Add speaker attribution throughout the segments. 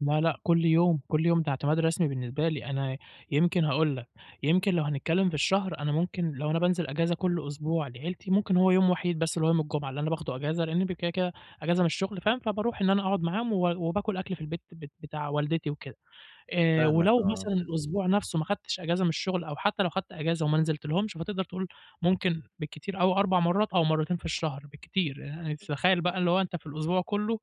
Speaker 1: لا لأ، كُلّ يوم، كُلّ يوم ده اعتماد رسمي بالنسبة لي، أنا يمكن هاقول لك، يمكن لو هنتكلّم في الشهر، أنا ممكن لو أنا بانزل أجازة كُلّ أسبوع لعيلتي، ممكن هو يوم وحيد بس اللي هو يوم الجمعة، اللي أنا باخده أجازة لأني ب كده كده أجازة من الشغل فاهم، فباروح إن أنا أقعد معاهم و وباكل أكْل في البيت بت بتاع والدتي وكده آآ،
Speaker 2: فاهمك
Speaker 1: ولو
Speaker 2: آه.
Speaker 1: مثلًا الأسبوع نَفسه ما خدتش أجازة من الشغل أو حتّى لو خدت أجازة وما نزلتلهمش، فتقدر تقول ممكن بالكتير أوي 4 مرات أو مرتين في الشهر بالكتير، ي
Speaker 2: [unintelligible]
Speaker 1: تتخيّل بقى اللي هو أنت في الأسبوع كلّه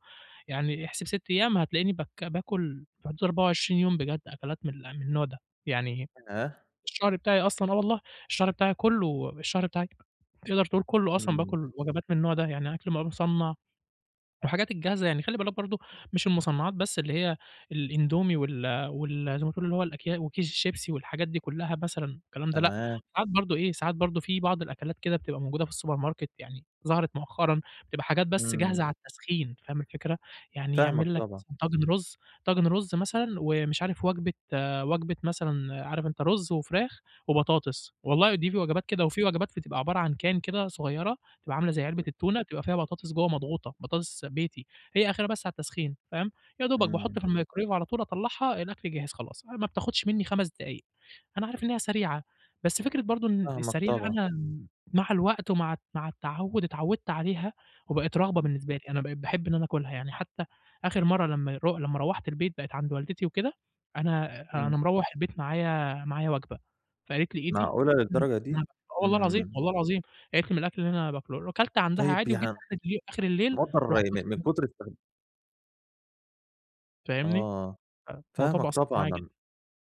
Speaker 1: يعني احسب 6 أيام هتلاقيني بك باكل في حدود 24 يوم بجد أكلات مل من النوع ده، يعني
Speaker 2: [unintelligible]
Speaker 1: الشهر بتاعي أصلًا آه والله، الشهر بتاعي كلّه، الشهر بتاعي تقدر تقول كلّه أصلًا
Speaker 2: إمم.
Speaker 1: باكل وجبات من النوع ده، يعني أكْل بقي مُصنّع والحاجات الجاهزة يعني، خلِّ بالك برضو مش المُصنّعات بس اللي هي الإندومي وال وال زي ما تقول اللي هو الأكيا وكيس الشيبسي والحاجات دي كلّها مثلًا الكلام ده، لأ،
Speaker 2: تمام.
Speaker 1: ساعات برضو إيه، ساعات برضو في بعض الأكلات كده بتبقى موجودة في السوبر ماركت يعني ظهرت مؤخرًا، بتبقى حاجات بس
Speaker 2: إمم.
Speaker 1: جاهزة على التسخين، فاهم الفكرة؟ يعني
Speaker 2: فاهمك
Speaker 1: يعمل لك
Speaker 2: طبعًا.
Speaker 1: مثلًا طاجن رز، طاجن رز مثلًا ومش عارف وجبة وجبة مثلًا عارف أنت رز وفراخ وبطاطس، والله ودي في وجبات كده، وفي وجبات ف بتبقى عبارة عن can كده صغيّرة، بتبقى عاملة زي علبة
Speaker 2: إمم.
Speaker 1: التونة، بتبقى فيها بطاطس جوه مضغوطة، بطاطس بيتي، هي آخرها بس على التسخين، فاهم؟ يا دوبك
Speaker 2: إمم.
Speaker 1: باحط في الميكروويف على طول أطلّعها، الأكل جهز خلاص، ما بتاخدش مني 5 دقايق. أنا عارف إن هي سريعة، بس فكرة برضو إن
Speaker 2: فاهمك
Speaker 1: السريعة
Speaker 2: طبعًا.
Speaker 1: أنا مع الوقت ومع مع التعوّد اتعوّدت عليها وبقت رغبة
Speaker 2: إمم.
Speaker 1: بالنسبة لي. أنا بقيت باحب إن أنا آكلها، يعني حتّى آخر مَرّة لمّا يرو لمّا روّحت البيت بقيت عند والدتي وكده أنا
Speaker 2: إمم.
Speaker 1: أنا مروّح البيت معايا معايا وجبة، فقالت لي: "إيه دي؟"
Speaker 2: معقولة
Speaker 1: [unintelligible]
Speaker 2: للدرجة دي!
Speaker 1: آه والله العظيم،
Speaker 2: إمم.
Speaker 1: والله العظيم قالت لي: "من الأكل اللي أنا باكله"، وكلت عندها
Speaker 2: طيّب
Speaker 1: عادي وجيت
Speaker 2: يع
Speaker 1: آخر اللي آخر الليل
Speaker 2: [unintelligible]
Speaker 1: رُحت
Speaker 2: من من
Speaker 1: واكل
Speaker 2: كُتر استخد
Speaker 1: فاهمني؟
Speaker 2: آه،
Speaker 1: فالموضوع
Speaker 2: فاهمك
Speaker 1: بقى صعب
Speaker 2: طبعًا
Speaker 1: معايا جدًا.
Speaker 2: ن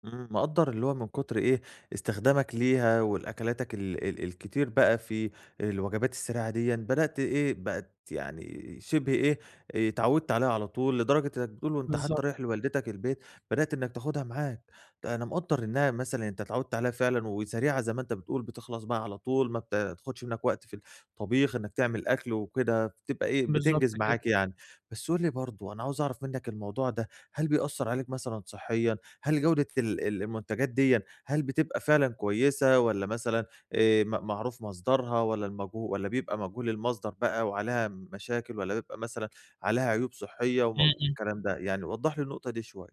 Speaker 2: إمم مقدّر اللي هو من كتر إيه استخدامك ليها والأكلاتك ال ال الكتير بقى في الوجبات السريعة ديًِّا، بدأْت إيه بقت يعني شِبه إيه آآ، اتعوّدت عليها على طول، لدرجة إنّك بتقول وأنت حتّى
Speaker 1: بالضبط.
Speaker 2: رايح لوالدتك البيت بدأت إنّك تاخدها معاك. أنا مقدّر إنّها مثلًا أنت اتعوّدت عليها فعلًا وسريعة زي ما أنت بتقول، بتخلص بقى على طول، ما بتا تاخدش منك وقت في الطبيخ إنّك تعمل أكْل وكده، فبتبقى إيه
Speaker 1: بالضبط
Speaker 2: بتنجز
Speaker 1: كده.
Speaker 2: معاك يعني. بس قُل لي برضو أنا عاوز اعرف منك الموضوع ده، هل بيأثّر عليك مثلًا صحيًا، هل جودة ال ال المنتجات ديًِّا هل بتبقى فعلًا كويسة والّا مثلًا آآ م معروف مصدرها والّا المجهو والّا بيبقى مجهول المصدر بقى وعليها مشاكل، والّا بيبقى مثلًا عليها عيوب صحية و
Speaker 1: إمم إمم.
Speaker 2: والكلام ده؟ يعني وضّح لي النقطة دي شويّة.